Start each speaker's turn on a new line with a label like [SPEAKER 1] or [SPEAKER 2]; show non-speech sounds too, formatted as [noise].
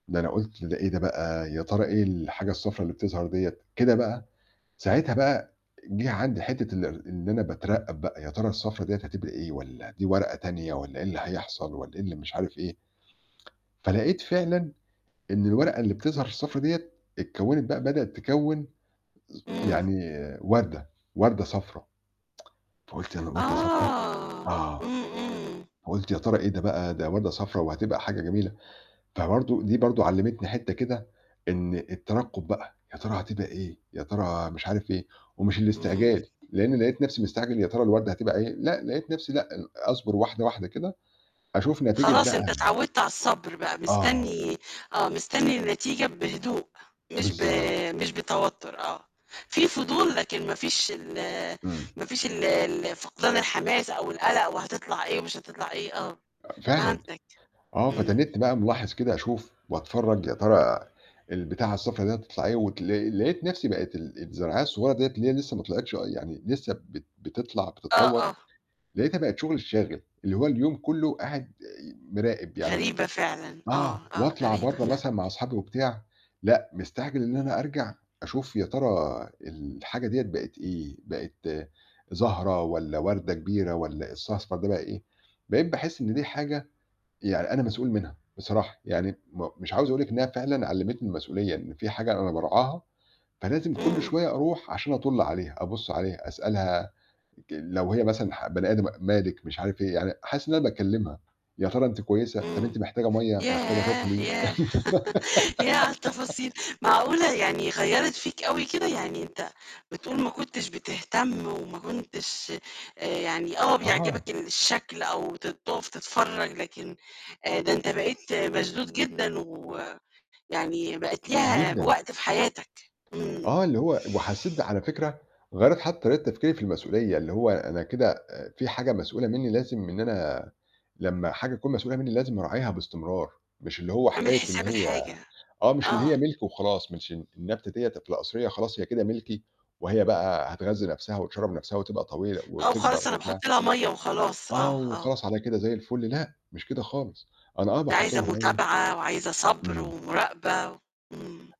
[SPEAKER 1] ده أنا قُلت: "ده إيه ده بقى، يا ترى إيه الحاجة الصفرا اللي بتظَهر ديّة؟"، كده بقى، ساعتها بقى جِه عندي حتّة إن إن أنا باترَّقب بقى، "يا ترى الصفرا ديّة هتبقى إيه، والّا دي ورقة تانية والّا إيه اللي هيحصل، والّا إيه اللي مش عارف إيه." فلقيت فعلًا إن الورقة اللي بتظَهر الصفرا ديّة، اتكوّنت بقى بدأت تكوِّن
[SPEAKER 2] إمم.
[SPEAKER 1] يعني وردة، وردة صفرا، [tsk] فقُلت [unintelligible] وردة صفرا؟!
[SPEAKER 2] آه.
[SPEAKER 1] آه.
[SPEAKER 2] إمم، إمم.
[SPEAKER 1] فقُلت: "يا ترى إيه ده بقى، ده وردة صفرا وهتبقى حاجة جميلة". فبرضو دي برضو علّمتني حتّة كده إن الترقب بقى، يا ترى هتبقى إيه، يا ترى مش عارف إيه، ومش
[SPEAKER 2] إمم.
[SPEAKER 1] الاستعجال، لإني لقيت نفْسي مستعجل يا ترى الوردة هتبقى إيه، لأ لقيت نفْسي لأ ال أصبر واحدة، واحدة كده، أشوف نتيجة
[SPEAKER 2] خلاص
[SPEAKER 1] بقى
[SPEAKER 2] أنت
[SPEAKER 1] [unintelligible]
[SPEAKER 2] اتعوّدت على الصبر بقى،
[SPEAKER 1] آه.
[SPEAKER 2] مستني آه، مستني النتيجة بهدوء مش ب
[SPEAKER 1] بالضبط.
[SPEAKER 2] مش بتوتر آه. فيه فضول لكن ما فيش ال
[SPEAKER 1] إمم.
[SPEAKER 2] ما فيش ال ال فقدان الحماس أو القلق وهتطلَع إيه ومش هتطلَع إيه، آه.
[SPEAKER 1] فعلًا.
[SPEAKER 2] فهمتك.
[SPEAKER 1] آه.
[SPEAKER 2] إمم.
[SPEAKER 1] فتنّيتني بقى ملاحظ كده أشوف واتفرج يا ترى البتاعة الصفرا دي هتطلَع إيه واتل لقيت نفْسي بقت ال الزرعاية الصغيّرة ديّة اللي هي لسّه ما طلْعتش آه يعني لسّه بت بتطلَع
[SPEAKER 2] آه،
[SPEAKER 1] بتتطوّر،
[SPEAKER 2] آه.
[SPEAKER 1] لقيتها بقت شغلي الشاغل، اللي هو اليوم كلّه قاعد مراقب يعني
[SPEAKER 2] غريبة فعلًا، آه
[SPEAKER 1] آه،
[SPEAKER 2] آه،
[SPEAKER 1] واطلَع
[SPEAKER 2] غريبة
[SPEAKER 1] برّه
[SPEAKER 2] فعلًا.
[SPEAKER 1] مثلًا مع أصحابي وبتاع لأ مستعجل إن أنا أرجَع أشوف "يا ترى الحاجة ديّة بقت إيه، بقت زهرة والّا وردة كبيرة والّا [unintelligible] الأصفر ده بقى إيه؟". بقيت باحس إن دي حاجة يعني أنا مسئول منها بصراحة، يعني م مش عاوز أقول لِك إن هي فعلًا علّمتني المسئولية، إن فيه حاجة أنا بارعاها، فلازم كل
[SPEAKER 2] إمم.
[SPEAKER 1] شوية أرُوح عشان أَطُّل عليها، أبُصّ عليها، أسألها ج لو هي مثلًا ح بني آدم م مالِك مش عارف إيه، يعني حاسس إن أنا باكلّمها "يا ترى أنتِ كويسة، طَب
[SPEAKER 2] إمم.
[SPEAKER 1] أنتِ محتاجة مَيَّة، محتاجة
[SPEAKER 2] ياه!
[SPEAKER 1] تاكلي."
[SPEAKER 2] ياه! [laughs] ياه على
[SPEAKER 1] [giggles]
[SPEAKER 2] التفاصيل! معقولة يعني غيَّرت فيك أوي كده، يعني أنت بتقول ما كنتش بتهتم وما كنتش آآ يعني آه
[SPEAKER 1] أها.
[SPEAKER 2] بيعجبك الشكل أو ت تُقف تتفرّج لكن آآ ده أنت بقيت مشدود جدًا ويعني بقت ليها
[SPEAKER 1] جدًا.
[SPEAKER 2] وقت في حياتك. إمم.
[SPEAKER 1] آه، اللي هو وحسّيت ده على فكرة، غيَّرت حتّى طريقة تفكيري في المسئولية؛ اللي هو أنا كده آآ فيه حاجة مسئولة مني لازم إن أنا لمّا حاجة تكون مسئولة مني لازم أراعيها باستمرار، مش اللي هو
[SPEAKER 2] عامل
[SPEAKER 1] حكاية إن
[SPEAKER 2] حساب
[SPEAKER 1] هي
[SPEAKER 2] الحاجة.
[SPEAKER 1] آه مش اللي هي
[SPEAKER 2] آه.
[SPEAKER 1] مِلك وخلاص، مش الن النبتة ديّة ده في القصرية خلاص هي كده مِلكي، وهي بقى هتغذّي نفْسها وتِشرَّب نفْسها وتبقى طويلة
[SPEAKER 2] آه،
[SPEAKER 1] وتكبَر
[SPEAKER 2] وخلاص أنا
[SPEAKER 1] وبتاع
[SPEAKER 2] باحط لها مَيَّة وخلاص. آه،
[SPEAKER 1] آه،
[SPEAKER 2] آه.
[SPEAKER 1] وخلاص على كده زي الفل، لأ، مش كده خالص. أنا آه
[SPEAKER 2] ده
[SPEAKER 1] باحط
[SPEAKER 2] عايزة
[SPEAKER 1] لها مّيَّة
[SPEAKER 2] متابعة وعايزة صبر
[SPEAKER 1] إمم.
[SPEAKER 2] ومراقبة. إمم.